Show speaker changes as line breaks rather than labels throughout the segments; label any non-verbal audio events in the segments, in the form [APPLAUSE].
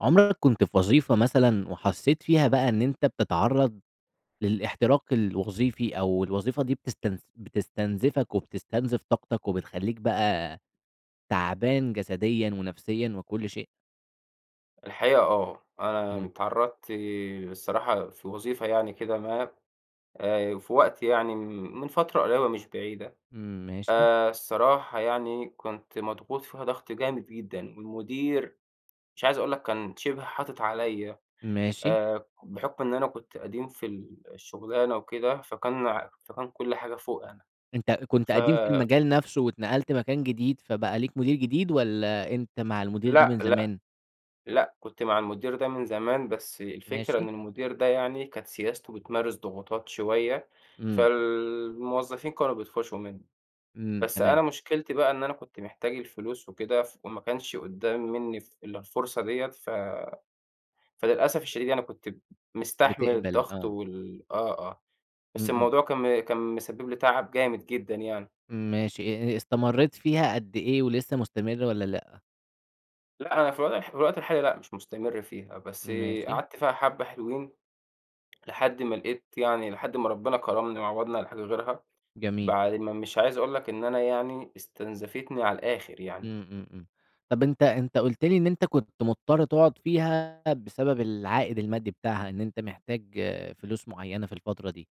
عُمرَك كنت في وظيفة مثلًا، وحسِّيت فيها بقى إن أنتَ بتتعرَّض للاحتراق الوظيفي، أو الوظيفة دي بتست بتستنزفَك وبتستنزف طاقتَك، وبتخلِّيك بقى تعبان جسديًا ونفسيًا وكل شيء؟
الحقيقة، آه، أنا
امم.
اتعرَّضت الصراحة في وظيفة يعني كده ما، آآ في وقت يعني، من فترة قريبة مش بعيدة.
امم، ماشي.
آآ، الصراحة يعني كنت مضغوط فيها ضغط جامد جدًا، والمدير، مش عايِز أقول لك، كان شبه حاطِط عليَّا،
ماشي.
آآ، بحُكم إن أنا كنت قديم في ال الشغلانة وكده، فكان فكان كل حاجة فوقي أنا.
أنتَ كنت
ف
قديم في المجال نفسه، واتنقَلت مكان جديد، فبقى ليك مدير جديد، والّا أنتَ مع المدير ده
لأ،
من
لأ،
زمان؟
لأ، كنت مع المدير ده من زمان، بس الفكرة إن
ماشي.
المدير ده يعني كانت سياسته بتمارس ضغوطات شوية،
امم.
فالموظفين كانوا بيطفشّوا منه.
امم،
بس أنا
تمام.
مشكلتي بقى إن أنا كنت محتاج الفلوس وكده، فما كانش قُدَّام مِنِي ف إلا الفرصة ديَّة، ف فللأسف الشديد يعني، كنت مستحمل
بتقبل،
الضغط
آه.
وال آه آه،
امم،
بس
امم.
الموضوع كان كان مسبِّب لي تعب جامد جدًا يعني.
ماشي آآ، استمريت فيها قد إيه؟ ولسه مستمر والّا لأ؟
لأ، أنا في الوضح في الوقت الحالي لأ مش مستمر فيها، بس
ماشي.
قعدت فيها حبّة حلوين لحد ما لقيت يعني لحد ما ربِّنا كرَّمني وعوَّضني على حاجة غيرها
جميل.
بعد ما مش عايز أقول لك إن أنا يعني استنزفتني على الآخِر يعني.
إمم، إمم، إمم. طَب أنت أنت قُلت لي إن أنت كنت مُضطر تقعُد فيها بسبب العائد المادّي بتاعها إن أنت محتاج فلوس معيّنة في الفترة دي.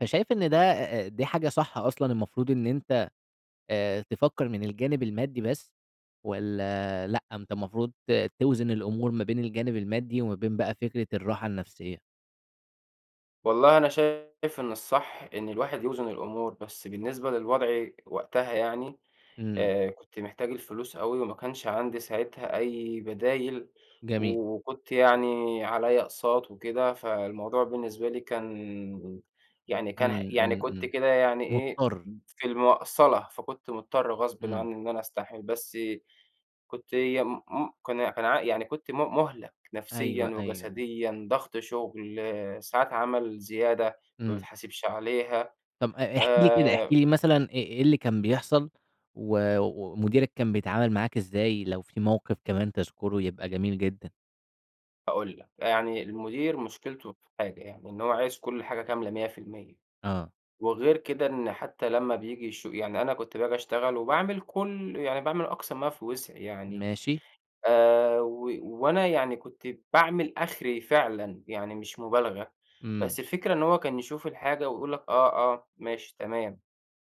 فشايف إن ده،
اهم.
آآ، دي حاجة صح أصلًا المفروض إن أنت آآ تفكّر من الجانب المادّي بس والّا لأ، أنت المفروض توزن الأمور ما بين الجانب المادّي وما بين بقى فكرة الراحة النفسيّة؟
والله أنا شايف إن الصح إن الواحد يوزن الأمور، بس بالنسبة للوضع وقتها يعني،
إمم.
آآ كنت محتاج الفلوس أوي وما كانش عندي ساعتها أي بدايل
جميل.
و وكنت يعني عليّا أقساط وكده، فالموضوع بالنسبة لي كان يعني كان ح
إمم،
يعني
إمم،
كنت
إمم.
كده يعني إيه،
مضطر.
في المَقصَلة، فكنت مُضطر غصبٍ
إمم.
عنّي إن أنا أستحمل، بس كنت يم م كان كان ع يعني كنت م مُهلَك نفسيًا
أيوه، أيوه، أيوه.
وجسديًا، ضَغْط شُغل، ساعات عمل زيادة ما
إمم
باتحاسبش عليها.
طَب آآ احكِ لي كده، احكِ
آآ
لي مثلًا إ إيه اللي كان بيحصل و ومديرك كان بيتعامل معاك إزاي لو في موقف كمان تذكُره يبقى جميل جدا؟
هاقول لك. يعني المدير مشكلته في حاجة يعني، إن هو عايز كل حاجة كاملة 100%.
آه.
وغير كده إن حتّى لمّا بييجي يشو يعني أنا كنت باجي أشتغل وباعمل كل يعني باعمل أقصى ما في وسعي يعني،
ماشي.
آآ و وأنا يعني كنت باعمل آخري فعلًا يعني مش مبالغة.
إمم.
بس الفكرة إن هو كان يشوف الحاجة ويقول لك: "آه، آه، ماشي، تمام."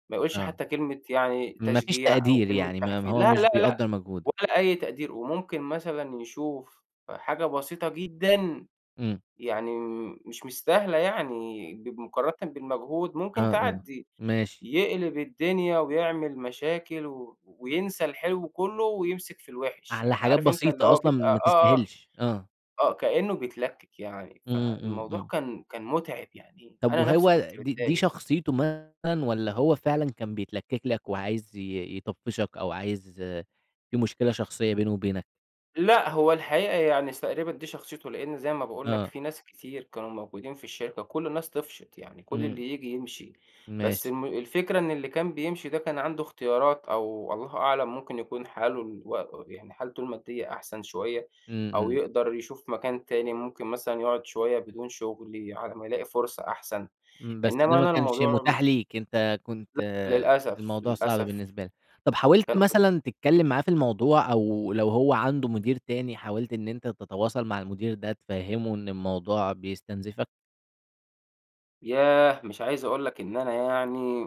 ما يقولش
آه.
حتّى كلمة يعني
ما فيش
تشجيع أو
تقدير،
كلمة
يعني ما ما
تحفي
هو
لأ،
مش
لأ، لأ
بيقدّر مجهودك.
ولا أي تقدير. وممكن مثلًا يشوف حاجة بسيطة جدًا
إمم.
يعني م مش مستاهلة يعني ب مقارنةً بالمجهود ممكن
آه، آه.
تعدّي.
ماشي.
يقلِب الدنيا وبيعمل مشاكل و وينسى الحلو كُلّه ويمسِك في الوِحش.
على
يعني
حاجات
عارف أنت اللي
بسيطة
هو
أصلًا
بيبقى
ما
آه، آه،
تستاهلش، آه.
آه. كإنّه بيتلكِّك يعني،
إمم، إمم،
فالموضوع
إمم.
كان كان مُتعب يعني
طَب
أنا نَفْسي
وهو
كنت
دي دي
متضايق.
شخصيته مثلًا والّا هو فعلًا كان بيتلكِّك لك وعايز ي ي يطفِّشك أو عايز في مشكلة شخصية بينه وبينك؟
لأ، هو الحقيقة يعني س تقريبًا دي شخصيته، لإن زي ما باقول لك
آه.
في ناس كتير كانوا موجودين في الشركة وكل الناس طفشت، يعني كل
إمم.
اللي ييجي يمشي. بس
ماشي.
الم الفكرة إن اللي كان بيمشي ده كان عنده اختيارات أو الله أعلم ممكن يكون حاله الو و يعني حالته المادّية أحسن شوية
إمم،
أو
إمم.
يقدر يشوف مكان تاني، ممكن مثلًا يقعُد شوية بدون شُغل على ما يلاقي فرصة أحسن.
إمم، بس ده
إنّما
ما
أنا
كانش
الموضوع
متاح
م
ليك، أنت كنت
لأ للأسف،
الموضوع صعب
للأسف.
بالنسبة لك. طَب حاولت
كان قد
مثلًا تتكلّم معاه في الموضوع أو لو هو عنده مدير تاني، حاولت إن أنت تتواصل مع المدير ده تفهّمه إن الموضوع بيستنزِفك؟
ياه! مش عايز أقول لك إن أنا يعني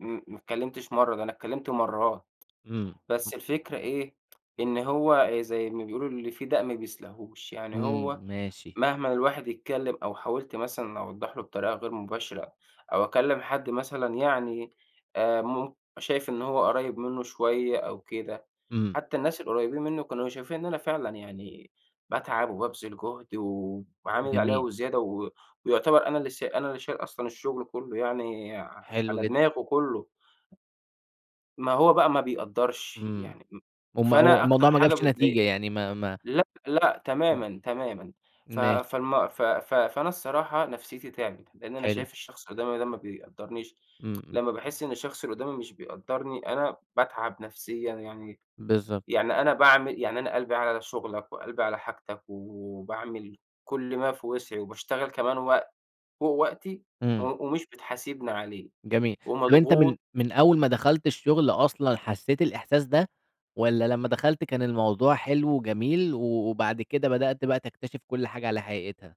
م ما اتكلّمتش مرّة، ده أنا اتكلّمت مرّات.
إمم.
بس الفكرة إيه، إن هو زي ما بيقولوا: "اللي في داء ما بيسلاهوش." يعني
إمم،
هو
ماشي.
مهمًا الواحد يتكلّم أو حاولت مثلًا أوضّح له بطريقة غير مباشرة أو أكلّم حد مثلًا يعني آآ مم شايف إن هو قُريّب منّه شوية أو كده،
إمم.
حتّى الناس القريّبين منّه كانوا شايفين إن أنا فعلًا يعني باتعب وبابذل جُهد وعامل اللي عليّا
جميل.
وزيادة و ويعتبر أنا اللي سا أنا اللي شايل أصلًا الشُغل كُلّه يعني
حلو
على
جدًا.
دماغه كُلّه. ما هو بقى ما بيقدّرش،
إمم.
يعني م
المو
فأنا
الموضوع
أكتر
ما
حاجة
جابش
بتضايقني
نتيجة، يعني ما ما
لأ، لأ
إمم.
تمامًا، تمامًا. ف
ماشي.
فالم ف ف فأنا الصراحة نَفْسيّتي تعِبِت، لإن أنا
حلو.
شايف الشخص اللي قُدّامي ده ما بيقدّرنيش
إمم، إمم.
لمّا باحِس إن الشخص اللي قُدّامي مش بيقدّرني، أنا باتعَب نَفسيًا، يعني
بالضبط.
يعني أنا باعمل يعني أنا قلبي على شُغلك وقلبي على حاجتك وباعمل كل ما في وسْعِي وباشتغل كمان وقت فوق وقتي و
إمم.
ومش بتحاسِبني عليه
جميل. طَب أنت من
ومضغوط.
من أول ما دخلت الشُغل أصلًا حسّيت الإحساس ده؟ والّا لمّا دخلت كان الموضوع حلو وجميل و وبعد كده بدأت بقى تكتشف كل حاجة على حقيقتها؟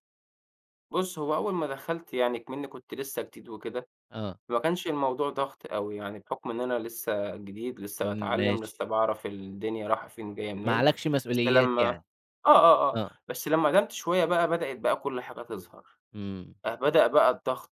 بُص، هو أوَّل ما دخلت يعني، اكمني كنت لسَّه جديد وكده،
آه.
ما كانش الموضوع ضغط أوي يعني، بحُكم إن أنا لسَّه جديد، لسَّه باتعلَّم،
ماشي.
لسَّه باعرف الدنيا رايِحة فين جاية
ما
منين.
عليكش
بس
مسؤوليات
لمَّا آه
يعني؟
آه آه،
آه.
بس لمَّا قدَّمت شوية بقى، بدأت بقى كل حاجة تظهر،
امم.
بدأ بقى الضغط.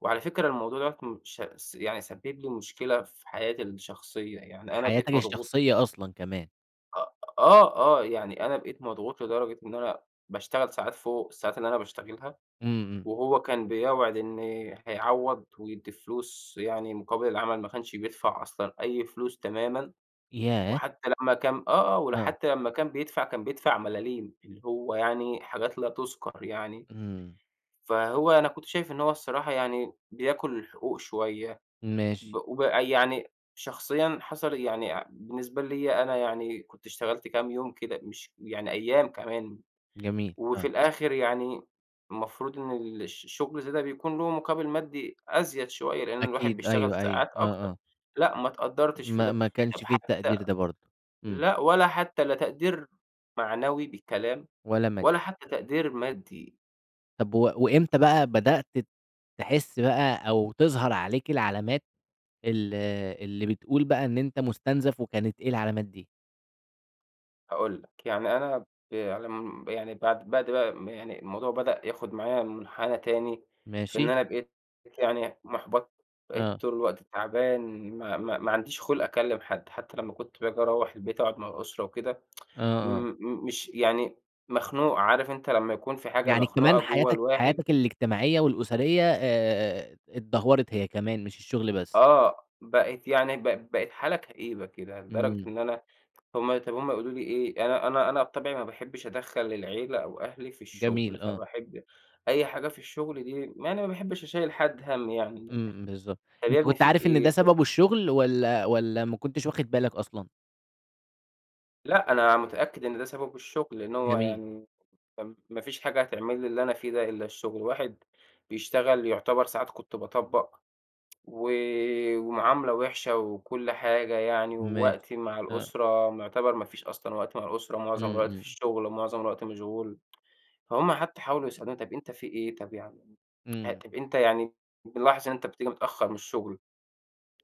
وعلى فكرة الموضوع ده ش س يعني سبَّب لي مشكلة في حياتي الشخصية يعني، أنا
حياتك
بقيت مضغوط
الشخصية أصلًا كمان.
آه آه آه، يعني أنا بقيت مضغوط لدرجة إن أنا باشتغَل ساعات فوق الساعات اللي أنا باشتغَلها،
امم، امم.
وهو كان بيوعِد إن هيعوِّض ويدِّي فلوس يعني مقابِل العمل، ما كانش بيدفع أصلًا أي فلوس تمامًا.
ياه!
وحتى لمَّا كان آه آه،
آه.
وحتى لمَّا كان بيدفع، كان بيدفع ملاليم، اللي هو يعني حاجات لا تُذكَر يعني.
امم.
فهو أنا كنت شايِف إن هو الصراحة يعني بياكُل الحقوق شوية، ب
ماشي.
ويعني شخصيًا حصَل يعني بالنسبة لي أنا يعني كنت اشتغَلت كام يوم كده، مش يعني أيَّام كمان،
جميل،
وفي
آه.
الآخِر يعني، المفروض إن ال الش الشغل الزيادة ده بيكون له مقابِل مادي أزيد شوية، لأن الواحد
أكيد،
بيشتغَل
أيوه أيوه،
ساعات
آه
أكتر.
آه.
لأ، ما اتقدِّرتِش في
ما
ده،
ما
طب
كانش في
حتى
التقدير ده برضه، امم.
لأ، والّا حتى لا تقدير معنوي بكلام،
والّا مادي.
والّا حتى تقدير مادي.
طَب و وإمتى بقى بدأت تحِس بقى أو تظهر عليك العلامات ال اللي بتقول بقى إن أنت مُستنزَف وكانت إيه العلامات دي؟
هاقول لك. يعني أنا ب على م يعني بعد بعد بقى ما يعني الموضوع بدأ ياخُد معايا مُنحنَى تاني فإن
ماشي.
أنا بقيت يعني مُحبَط، بقيت
آه.
طول الوقت تعبان ما ما ما عنديش خُلْق أكلِّم حد، حتّى لمّا كنت باجي أروَّح البيت أقعُد مع الأسرة وكده [TSK] م
آه، آه.
م مش يعني مخنوق، عارف أنت لمّا يكون في حاجة
يعني
مخنوقة
كمان
جوّه
حياتك
الواحد؟
حياتك الاجتماعية والأسرية آآ اتدهورت هي كمان مش الشُغل بس.
آه، بقت يعني ب بقت حالة كئيبة كده لدرجة
إمم.
إن أنا هم طَب هم يقولوا لي إيه، أنا أنا أنا بطبعي ما باحبّش أدخَّل العيلة أو أهلي في الشُغل،
جميل آه.
فباحب أي حاجة في الشُغل دي يعني ما باحبّش أشيّل حد هَم يعني،
إمم، إمم بالضبط.
"طَب يا
أنت
ابني
كنت
فيك
عارف إن ده
إيه؟"
سببه
[UNINTELLIGIBLE]
الشُغل والّا والّا ما كنتش واخِد بالك أصلًا؟
لأ، أنا متأكد إن ده سببه الشُغل، لإنّه هو
جميل.
يعني فم ما فيش حاجة هتعمل لي اللي أنا فيه ده إلّا الشُغل. الواحد بيشتغل يعتبر ساعات كنت باطبّق [TSK] و ومعاملة وِحشة وكل حاجة يعني
ماشي.
ووقتي مع
آه.
الأسرة معتبر ما فيش أصلًا وقت مع الأسرة، معظم
إمم،
الوقت في
إمم.
الشُغل ومعظم الوقت مشغول فهُم حتّى حاولوا يسألوني "طَب أنت في إيه، طَب يع [TSK] آآ
إمم.
طَب أنت يعني بنلاحظ إن أنت بتيجي متأخّر من الشُغل،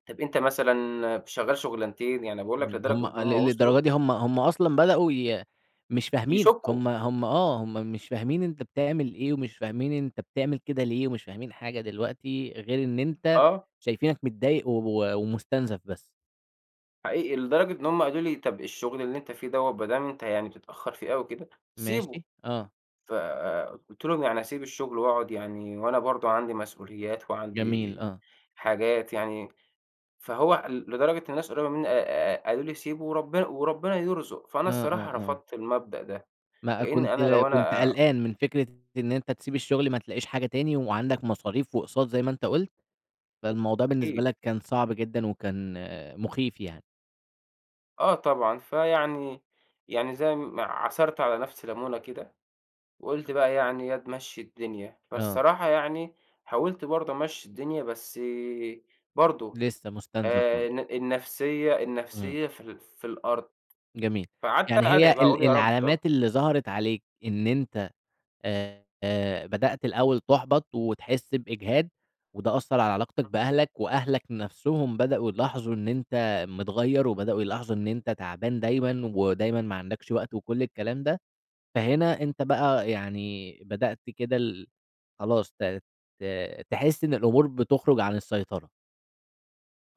طَب أنت مثلًا شغّال شُغلنتين؟" يعني باقول لك
إمم. هم
لدرجة إن هم
لل
وصلوا
للدرجة دي هم هم أصلًا بدأوا ي مش فاهمينك،
يشكُّوا.
هم هم آه. هم مش فاهمين أنت بتعمل إيه ومش فاهمين أنت بتعمل كده ليه ومش فاهمين حاجة دلوقتي غير إن أنت
آه.
شايفينك متضايق و ومُستنزَف بس.
حقيقي، لدرجة إن هُم قالوا لي: "طَب الشغل اللي أنتَ فيه دوَّة، هو ما دام أنتَ يعني بتتأخَّر فيه أوي كده، سيبه."
ماشي. آه.
ف قُلت لهُم: "يعني أسيب الشغل وأقعد؟" يعني وأنا برضو عندي مسؤوليَّات
جميل،
وعندي
آه.
حاجات يعني. فهو ال لدرجة الناس القريبة مِنِّي آآ، قالوا لي: "سيبه وربنا وربنا يرزُق." فأنا
آه،
الصراحة
آه، آه.
رفَضت المبدأ ده،
ما
لأن
كنت
أنا لو
كنت
أنا
قلقان من فكرة إن أنتَ تسيب الشغل، ما تلاقِيش حاجة تاني، وعندَك مصاريف وأقساط زي ما أنتَ قُلت. فالموضوع بالنسبة
أكيد
لك كان صعب جدًا وكان مخِيف يعني.
آه طبعًا، فيعني يعني، زي ما عصَرت على نفسي لَمُونة كده، وقُلت بقى يعني: "ياض، مشِّي الدنيا."
آه.
فالصراحة يعني، حاوَلت برضو أمشِّي الدنيا، بس برضو
لسه مستنزف
آآ،
برضو.
الن النفسيَّة
امم.
النفسيَّة في ال في الأرض.
جميل،
فقعدت
يعني هي
أدعي بقى أقول:
ال
"يا رب." آه.
العلامات اللي ظهرت عليك إن أنتَ آآ، بدأت الأوَّل تحبط وتحس بإجهاد، وده أثَّر على علاقتَك بأهلَك، وأهلَك نفسهم بدأوا يلاحظوا إن أنتَ متغيِّر، وبدأوا يلاحظوا إن أنتَ تعبان دايمًا، ودايمًا ما عندكش وقت، وكل الكلام ده. فهنا أنتَ بقى يعني بدأت كده ال خلاص ت ت تحس إن الأمور بتخرُج عن السيطرة.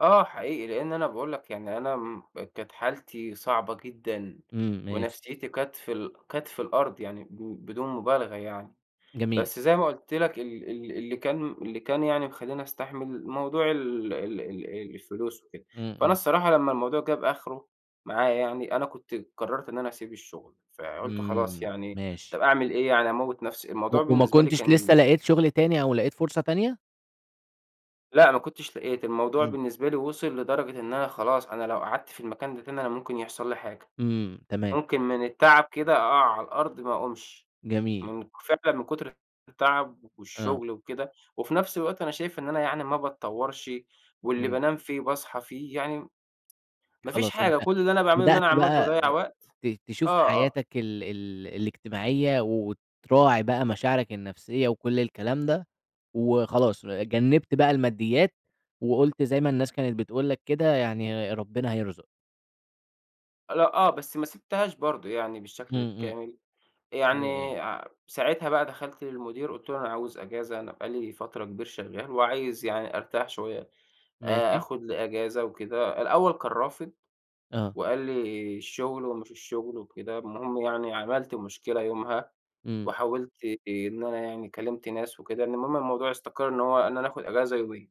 آه حقيقي، لأن أنا باقول لك يعني أنا امم كانت حالتي صعبة جدًا،
امم، ماشي.
ونفْسيتي كانت في ال كانت في الأرض يعني ب بدون مبالغة يعني.
جميل.
بس زي ما قُلت لك ال ال اللي كان م اللي كان يعني مخلّيني أستحمل موضوع ال ال ال إيه الفلوس وكده.
امم،
فأنا
امم.
الصراحة لما الموضوع جاب آخره معايا يعني، أنا كنت قرّرت إن أنا اسيب الشغل، فقُلت خلاص
امم،
يعني طَب
ماشي.
أعمل إيه يعني أموّت نفْسي؟
و
الموضوع
وما
بالنسبة لي
كنتش لسه
كان
لقيت شغل تاني، أو لقيت فرصة تانية؟
لأ ما كنتش لقيت، الموضوع
امم.
بالنسبة لي وصل لدرجة إن أنا خلاص، أنا لو قعدت في المكان ده تاني أنا ممكن يحصل لي حاجة،
امم، تمام.
ممكن من التعب كده أقع على الأرض ما أقومش.
جميل.
من ك فعلًا من كُتر ال التعب
آه.
والشغل وكده، وفي نفْس الوقت أنا شايف إن أنا يعني ما باتطوّرش، واللي
امم.
بانام فيه باصحى فيه، يعني م [TSK] ما فيش
خلاص أنت
حاجة، كل اللي أنا باعمله إن
بدأت
أنا عَمّال
بقى
باضيِّع وقت
ت تشوف
آه، آه.
حياتك ال ال الاجتماعية، وتراعي بقى مشاعرك النفْسيّة وكل الكلام ده، وخلاص ر جنّبت بقى الماديات، وقُلت زي ما الناس كانت بتقول لك كده يعني ر ربّنا هيرزق.
لأ، آه بس ما سِبتهاش برضه يعني بالشكل
امم، إمم،
الكامل،
ياه!
يعني ع ساعتها بقى دخَلت للمدير قُلت له: "أنا عاوز إجازة، أنا بقى لي فترة كبير شغّال وعايز يعني أرتاح شوية آآ،
ماشي.
آخُد لي إجازة وكده." الأول كان رافض،
آه.
وقال لي الشغل ومش الشغل وكده، المهم يعني عملت مشكلة يومها
امم.
وحاولت إن أنا يعني كلّمت ناس وكده، المهم إن الموضوع استقَر إنه هو، إن أنا آخُد إجازة يومين.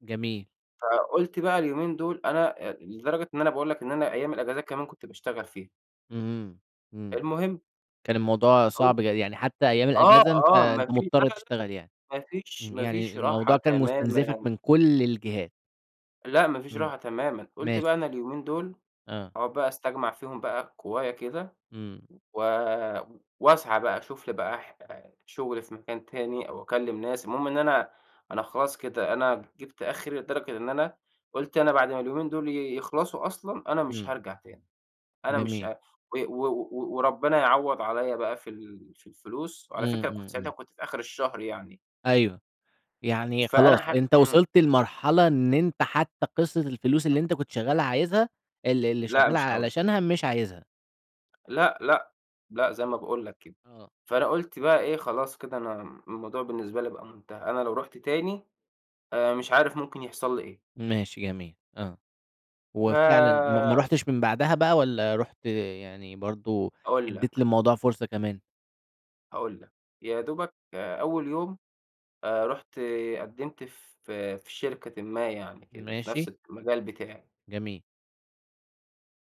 جميل.
فقُلت بقى اليومين دول أنا آآ، لدرجة إن أنا باقول لك إن أنا أيام الإجازات كمان كنت باشتغل فيها.
امم، امم، امم.
المهم
كان الموضوع
هاقول لك،
صعب، ي يعني حتى أيام
آه،
الإجازة أنت
آه ما
أنت
في لا،
مُضطَر
لا،
تشتغل يعني.
ما فيش
امم،
ما
يعني
فيش راحة
الموضوع كان مستنزِفك
تمامًا.
من كلّ الجهات.
لأ ما فيش
امم
راحة تمامًا، قُلت
ماشي.
بقى أنا اليومين دول
آه.
أقعُد بقى أستجمِع فيهم بقى قوايا كده
امم.
و وأسعى بقى أشوف لي بقى ح شُغل في مكان تاني أو أكلّم ناس، المهم إن أنا أنا خلاص كده، أنا جِبت آخري لدرجة إن أنا قُلت أنا بَعد ما اليومين دول ي يخلَصوا أصلًا أنا مش
امم.
هارجَع تاني، أنا مش
جميل.
ه و و و وربنا يعوِّض عليَّ بقى في ال في الفلوس، وعلى
امم،
فكرة كنت
امم،
ساعتها
امم.
كنت في آخِر الشهر يعني.
أيوه، يعني
فأنا ح
خلاص أنت
امم.
وصلت لمرحلة إن أنت حتّى قِصَّة الفلوس اللي أنت كنت شغّال عايزها ال ال اللي
لأ،
شَغّال
مش عاوزها.
علشانها مش عايزها.
لأ، لأ، لأ، زي ما باقول لك كده،
آه.
فأنا قُلت بقى إيه خلاص كده أنا م الموضوع بالنسبة لي بقى مُنتهي، أنا لو رُحت تاني، آآ مش عارف ممكن يحصل لي إيه.
ماشي جميل آه، وفعلًا ما ما
ف
رُحتش من بعدها بقى، والّا رُحت آآ يعني برضه
هاقول
أدّيت
لك.
للموضوع فُرصة كمان؟
هاقول لك، يا دوبك آآ أول يوم، آآ رُحت قدّمت ف في شركةٍ ما يعني كده، في نفس
ماشي.
المجال بتاعي.
جميل.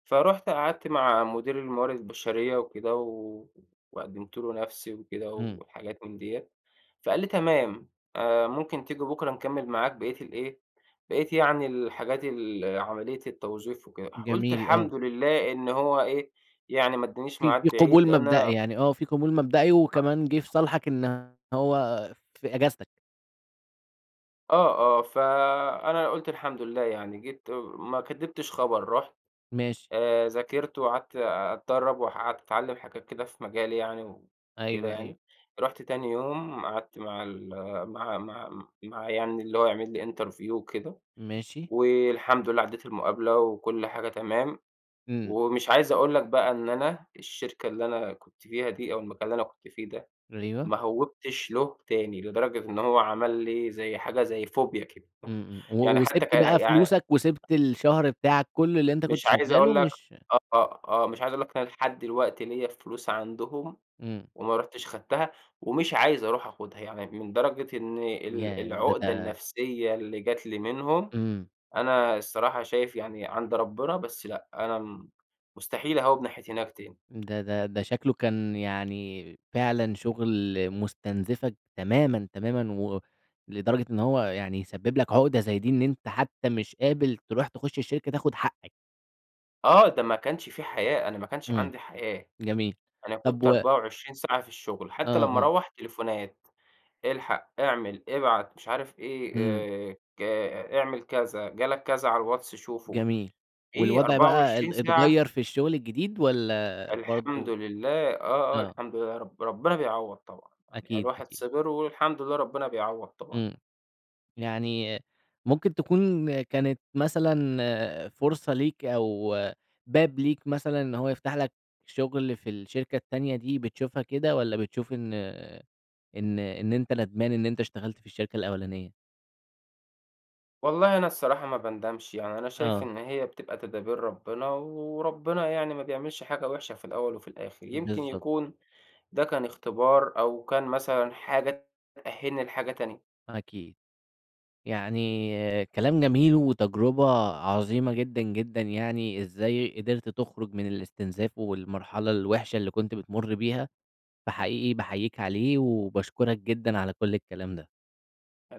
فرُحت قعدت مع مدير الموارد البشرية وكده، و وقدّمت له نفسي وكده،
امم.
وحاجات من ديّة، فقال لي تمام آآ ممكن تيجي بُكرة نِكمِّل معاك بقيّة الإيه، بقيّة يعني الحاجات ال عملية التَّوظيف وكده، ح قُلت
جميل، آه.
الحمد لله إن هو إيه، يعني ما أدَانيش
في في
ميعاد بعيد
قبول
لإن
مبدئي،
أنا
يعني آه، في قبول مبدئي، وكمان جِه في صالحك إن هو في إجازتك.
آه، آه فأنا قُلت الحمد لله يعني، جيت آآ ما كدّبتش خبر، رُحت،
ماشي.
آآ ذاكرت، وقعدت آآ أتدرب، وح قعدت أتعلم حاجات كده في مجالي يعني وكده
أيوه، أيوه.
يعني، رُحت تاني يوم قعدت مع ال مع مع مع يعني اللي هو هيعمل لي interview وكده،
ماشي.
والحمد لله عدّيت المقابلة، وكل حاجة تمام،
إمم.
ومش عايز أقول لك بقى إن أنا، الشركة اللي أنا كنت فيها دي، أو المكان اللي أنا كنت فيه ده،
أيوه.
ما هوّبتش له تاني، لدرجة إن هو عمل لي، زي حاجة، زي Phobia كده
إمم، إمم
يعني
و
حتى ك
وسِبْت بقى
يعني
فلوسك، وسِبْت الشهر بتاعك كُلُّه اللي أنت
مش
كنت
عايز أقول
شغّاله
لك
مش
آه، آه مش عايز أقول لك إن أنا لحد دلوقتي ليَّ فلوس عندهم،
إمم.
وما رُحتش خدتها ومش عايز أروح آخُدها، يعني من درجة إن ال
ياه! ده
العقدة
ده
النفسية اللي جات لي منهم،
إمم.
أنا الصراحة شايف يعني عند ربنا، بس لأ، أنا مستحيل أهوّب ناحية هناك تاني.
ده ده ده شكله كان يعني، فعلًا شغل مستنزفك تمامًا، تمامًا و لدرجة إن هو يعني يسبب لك عقدة زي دي، إن أنت حتى مش قابل تروح تخش الشركة تاخد حقّك.
آه، ده ما كانش في حياة، أنا ما كانش
إمم،
عندي حياة.
جميل.
أنا
طَب
كنت
و
24 ساعة في الشُغل حتّى
آه،
لمّا
آه.
أروّح، تليفونات، الحق، اعمل، ابعت مش عارف إيه،
إمم.
آآ ك اعمل كذا، جالك كذا على الواتس شوفه.
جميل.
إيه
والوضع
أربعة
بقى
وعشرين
ال اتغيّر
ساعة؟!
في الشُغل الجديد والّا
الحمد
برضه
لله آه، آه.
آه.
الحمد لله يا رب، ربِّنا بيعوّض طبعًا. يعني
أكيد،
الواحد
أكيد.
صِبِر والحمد لله ربِّنا بيعوّض طبعًا.
إمم. يعني ممكن تكون كانت مثلًا فرصة ليك أو باب ليك مثلًا إن هو يفتح لك شُغل في الشركة التانية دي بتشوفها كده والّا بتشوف إن إن إن أنت ندمان إن أنت اشتغلت في الشركة الأولانية؟
والله أنا الصراحة ما باندمش. يعني أنا شايف
آه.
إن هي بتبقى تدابير ربِّنا وربِّنا يعني ما بيعملش حاجة وِحشة في الأول وفي الآخِر. يمكن
بالضبط.
يكون ده كان اختبار أو كان مثلًا حاجة تأهِّلني لحاجة تانية.
أكيد. يعني كلام جميل وتجربة عظيمة جدًا، جدًا يعني إزاي قدرت تخرُج من الاستنزاف والمرحلة الوِحشة اللي كنت بتمُر بيها، فحقيقي باحييك عليه وباشكُرك جدًا على كل الكلام ده.
الع